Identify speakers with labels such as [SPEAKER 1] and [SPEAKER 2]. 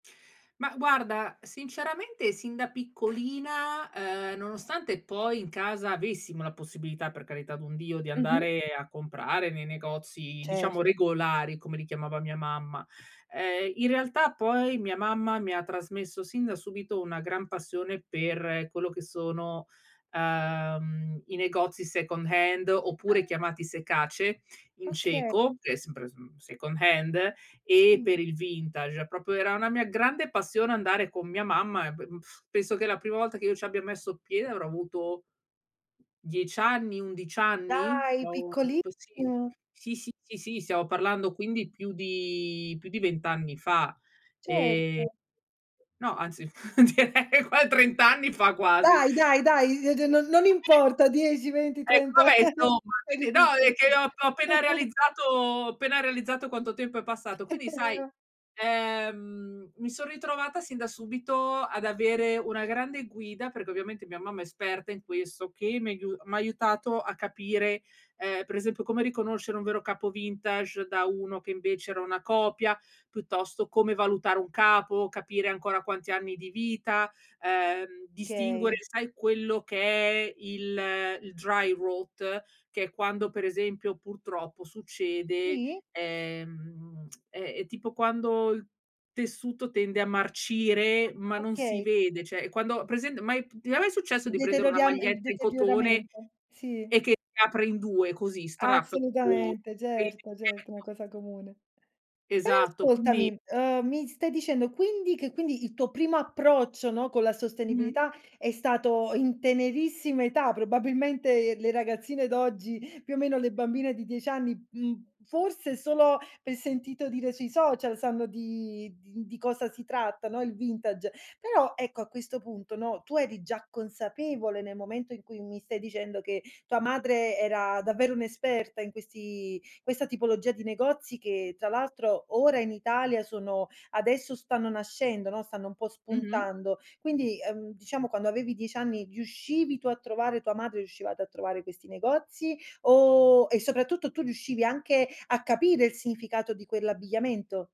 [SPEAKER 1] Ma guarda, sinceramente sin da piccolina, ehm, nonostante poi in casa avessimo la possibilità, per carità d'un Dio, di
[SPEAKER 2] Mh-mh.
[SPEAKER 1] andare a comprare nei negozi diciamo
[SPEAKER 2] Certo.
[SPEAKER 1] regolari, come li chiamava mia mamma. Ehm, in realtà poi mia mamma mi ha trasmesso sin da subito una gran passione per quello che sono, ehm, i negozi second hand oppure chiamati sekáč in
[SPEAKER 2] Oka
[SPEAKER 1] cieco, che è sempre smm mhmm, second hand e
[SPEAKER 2] Sì.
[SPEAKER 1] per il vintage. Proprio era una mia grande passione andare con mia mamma e be penso che la prima volta che io ci abbia messo piede avrò avuto 10 anni, 11 anni?
[SPEAKER 2] Dai,
[SPEAKER 1] [unintelligible]
[SPEAKER 2] piccoli
[SPEAKER 1] avuto, sì.
[SPEAKER 2] [unintelligible]
[SPEAKER 1] Sì, sì, sì, sì stiamo parlando quindi più di più di 20 anni fa, ehm,
[SPEAKER 2] Certo.
[SPEAKER 1] no, anzi direi qua 30 anni fa quasi.
[SPEAKER 2] Dai, dai, dai, uhm, d n non importa, dieci venti,
[SPEAKER 1] Ecco,
[SPEAKER 2] trenta,
[SPEAKER 1] vabbè insomma
[SPEAKER 2] eri
[SPEAKER 1] quindi no
[SPEAKER 2] piccola.
[SPEAKER 1] è che ho app ho appena realizzato ho appena realizzato quanto tempo è passato. Quindi
[SPEAKER 2] e
[SPEAKER 1] sai,
[SPEAKER 2] o
[SPEAKER 1] ehm, mi son ritrovata sin da subito ad avere una grande guida, perché ovviamente mia mamma è esperta in questo che mi aiu m' ha aiutato a capire, ehm, per esempio come riconoscere un vero capo vintage da uno che invece era una copia, piuttosto come valutare un capo, capire ancora quanti anni di vita, ehm, distinguere
[SPEAKER 2] Kay.
[SPEAKER 1] sai quello che è il il dry rote che è quando per esempio, purtroppo succede,
[SPEAKER 2] Sì.
[SPEAKER 1] ehm, ehm, è tipo quando il tessuto tende a marcire, ma
[SPEAKER 2] Ah,
[SPEAKER 1] non si
[SPEAKER 2] okay.
[SPEAKER 1] vede, cioè è quando ha presen mai p ti è mai successo
[SPEAKER 2] Il
[SPEAKER 1] di prendere una
[SPEAKER 2] deterioriam il
[SPEAKER 1] maglietta in cotone
[SPEAKER 2] deterioramento, sì.
[SPEAKER 1] e che si apre in due così strap
[SPEAKER 2] Assolutamente, certo, certo è una
[SPEAKER 1] [unintelligible]
[SPEAKER 2] cosa comune. Però
[SPEAKER 1] Esatto, quindi
[SPEAKER 2] ascoltami, uhm, mi stai dicendo quindi che quindi il tuo primo approccio, no, con la
[SPEAKER 1] Mh-mh.
[SPEAKER 2] sostenibilità è stato in tenerissima età, probabilmente le ragazzine d'oggi, più o meno le bambine di 10 anni, mhmm, forse solo per sentito dire sui social, sanno di di di cosa si tratta, no, il vintage. Però ecco a questo punto, no, tu eri già consapevole, nel momento in cui mi stai dicendo che tua madre era davvero un'esperta in questi questa tipologia di negozi, che tra l'altro ora in Italia sono adesso stanno nascendo, no, stanno un po'
[SPEAKER 1] Mh-mh.
[SPEAKER 2] spuntando. Quindi, ehm, diciamo quando avevi 10 anni, riuscivi tu a trovare tua madre riuscivate a trovare questi negozi o e soprattutto tu riuscivi anche a capire il significato di quell'abbigliamento?